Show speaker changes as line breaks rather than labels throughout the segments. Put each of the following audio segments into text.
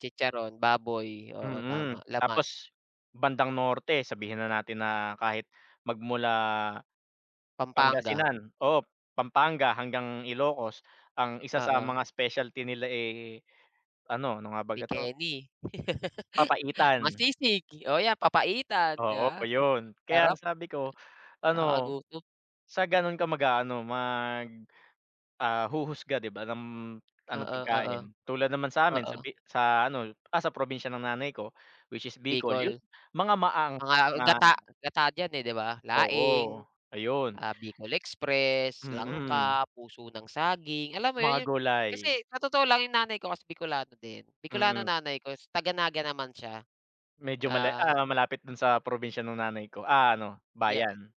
Chicharon baboy, oo,
Mm,
tama, laman.
tapos bandang norte, sabihin na natin na kahit magmula
Pampanga.
Pangasinan oo, Pampanga hanggang Ilocos, ang isa sa
Oo.
mga specialty nila eh ano, ano nga baga 'to?
Mekeni. Ma
Papaitan.
sisig, oh, yan, papaitan. 'Di
Oo,
ba?
yun. Kaya
Sarap.
sabi ko ano,
Nakakagutom.
sa ganun ka mag-aano mag, ah, huhusga 'di ba ng ano
Oo, oo.
pagkain. Tulad naman sa'min sa
Oo.
Bi sa ano, ah, sa probinsya ng nanay ko, which is Bicol yun
Bicol.
mga maanghang.
Ah, gata, gata diyan, eh, 'di ba,
Oo,
laing,
ayun.
ah, bicol express,
Mm.
langka, puso ng saging, alam mo
Mga
yun, yung
gulay.
kasi sa totoo lang, yung nanay ko kasi Bikolano din. Bikolano
Mm.
nanay ko taga-Naga naman siya.
Medyo mala
Ah.
ah, malapit dun sa probinsya ng nanay ko, ah, no
Yeah.
bayan.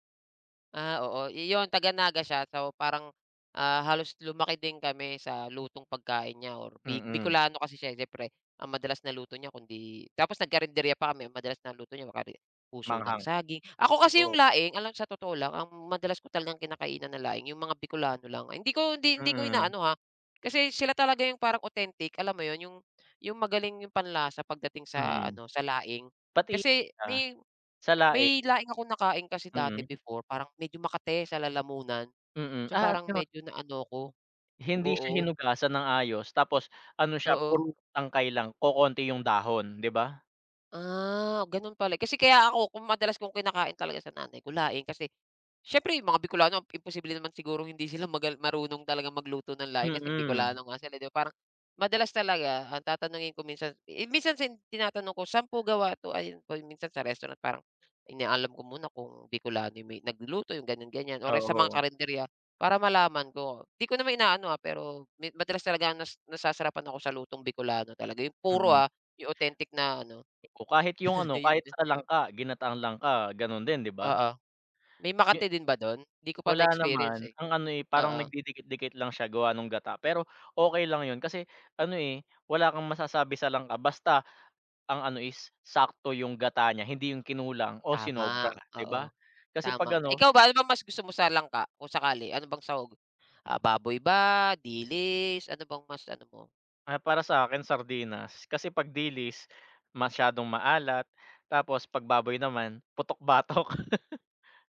Ah, oo. Iyon, taga-Naga siya so parang, ah, halos lumaki din kami sa lutong pagkain niya or Bi
Mm.
Bikolano kasi siya, eh, siyempre, ang madalas na luto niya kundi tapos nagkarinderya pa kami, ang madalas na luto niya ma kari puso ng
Maanghang.
saging. Ako kasi yung
Oo.
laing alam mo, sa totoo lang, ang madalas ko talagang kinakainan na laing yung mga Bikolano lang. Hindi ko, hindi hindi ko
Mm.
inaano ha, kasi sila talaga yung parang authentic, alam mo yun? Yung yung magaling yung panlasa pagdating sa
Mm.
ano, sa laing
Pati
kasi
sa,
may
sa laing.
may laing akong nakain kasi dati
Mm.
before, parang medyo makati sa lalamunan
Mm,
so
ah,
parang
gano'n.
medyo naano ako.
Hindi siya
Oo.
hinugasan ng ayos tapos ano siya,
Oo.
puro tangkay lang, kokonti yung dahon, 'di ba?
Ah, ganun pala. Kasi kaya ako kung madalas kong kinakain talaga sa nanay ko laing kasi siyempre yung mga Bikolano imposible naman sigurong hindi sila magal marunong talagang magluto ng laing kasi
Mm.
Bikolano nga sila, 'di ba? Parang madalas talaga ang tatanungin ko minsan, i minsan sin tinatanong ko, sa'n po gawa 'to? Ayun kung yung minsan sa restaurant parang inaalam ko muna kung Bikolano yung may nagluluto yung ganyan, ganyan o re sa mga
Oo.
karinderya para malaman ko. 'Di ko naman inaano, ah, pero me madalas talaga nas nasasarapan ako sa lutong Bikolano talaga yung puro,
Mm.
ah, yung authentic na ano.
Oo, kahit yung ano,
Ayun
kahit
din.
sa langka, ginataang langka gano'n din, 'di ba?
Oo, may
Ye
makati din ba dun? Di ko pa
wala
na-experience,
naman.
eh.
Ang ano, eh, parang
Oo.
nagdidikit-dikit lang siya gawa nung gata pero okey lang yun kasi ano eh, wala kang masasabi sa langka. Basta ang ano is sakto yung gata niya, hindi yung kinulang o sinobra
Tama
'di ba
oo,
kasi
tama.
pag-ano
Ikaw ba ano bang mas gusto mo sa langka kung sakali? Ano bang sahog? Ah, baboy ba, dilis? Ano bang mas ano mo?
Ay para sa'kin, sardinas kasi 'pag dilis, masyadong maalat tapos 'pag baboy naman, putok-batok.